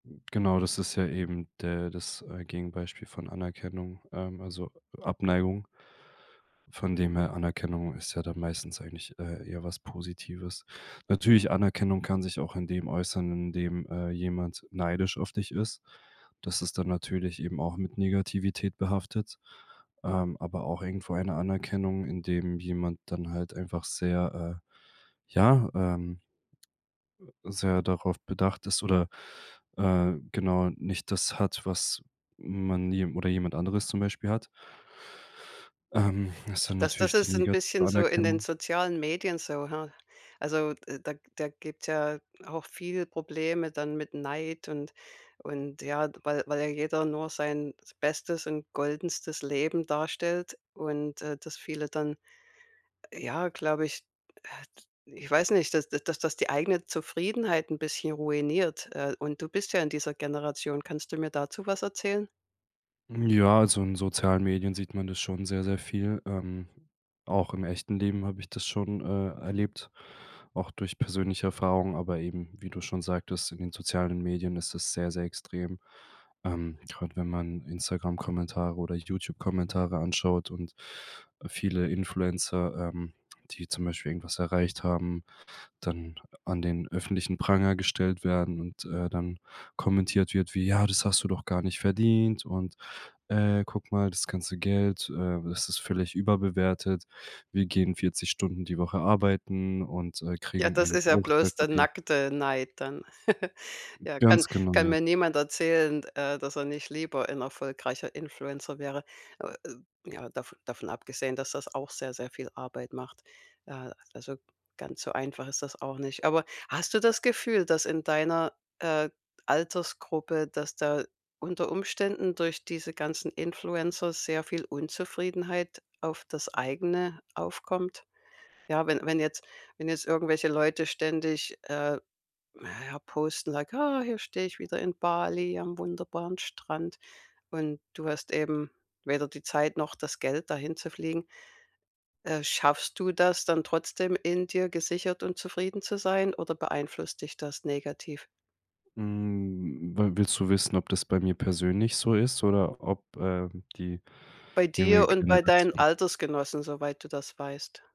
Genau, das ist ja eben der das, äh, Gegenbeispiel von Anerkennung, ähm, also Abneigung. Von dem her, Anerkennung ist ja dann meistens eigentlich, äh, eher was Positives. Natürlich, Anerkennung kann sich auch in dem äußern, in dem, äh, jemand neidisch auf dich ist. Das ist dann natürlich eben auch mit Negativität behaftet, ähm, aber auch irgendwo eine Anerkennung, indem jemand dann halt einfach sehr, äh, ja, ähm sehr darauf bedacht ist oder, äh, genau nicht das hat, was man jem oder jemand anderes zum Beispiel hat. Ähm, das ist dann Das das natürlich die ist 'n negative bisschen so in den Anerkennung. sozialen Medien so, ha? Also de da g da gibt's ja auch viele Probleme dann mit Neid und und ja, weil weil ja jeder nur sein bestes und goldenstes Leben darstellt und, äh, das viele dann, ja, glaube ich ah t ich weiß nicht dass dass das die eigene Zufriedenheit 'n bisschen ruiniert. Äh, und du bist ja in dieser Generation. Kannst du mir dazu was erzählen? Ja, also in sozialen Medien sieht man das schon sehr, sehr viel. Ähm, auch im echten Leben habe ich das schon, äh, erlebt, auch durch persönliche Erfahrungen. Aber eben, wie du schon sagtest, in den sozialen Medien ist es sehr, sehr extrem. Ähm, gerade wenn man Instagram-Kommentare oder YouTube-Kommentare anschaut und viele Influencer, ähm, die zum Beispiel irgendwas erreicht haben, dann an den öffentlichen Pranger gestellt werden und, äh, dann kommentiert wird wie: „Ja, das hast du doch gar nicht verdient, und, äh, guck mal, das ganze Geld, äh, das ist völlig überbewertet. Wir gehen 40 Stunden die Woche arbeiten und, äh, Ja, kriegen das einen ist ja Bruchteil bloß der von dem.“ nackte Neid dann. Ja, kann Ganz genau, kann ja. mir niemand erzählen, d äh, dass er nicht lieber ein erfolgreicher Influencer wäre. Äh, ja, dav davon abgesehen, dass das auch sehr, sehr viel Arbeit macht. Äh, also ganz so einfach ist das auch nicht. Aber hast du das Gefühl, dass in deiner, äh, Altersgruppe, dass da unter Umständen durch diese ganzen Influencer sehr viel Unzufriedenheit auf das Eigene aufkommt? Ja, wenn wenn jetzt wenn jetzt irgendwelche Leute ständig, äh, naja, posten, sag: „Ah, hier steh ich wieder in Bali am wunderbaren Strand“ und du hast eben weder die Zeit noch das Geld, dahin zu fliegen. Äh, schaffst du das dann trotzdem, in dir gesichert und zufrieden zu sein, oder beeinflusst dich das negativ? Mhm, wi willst du wissen, ob das bei mir persönlich so ist oder ob, ähm, die Bei dir junge und bei deinen Generation Altersgenossen, soweit du das weißt.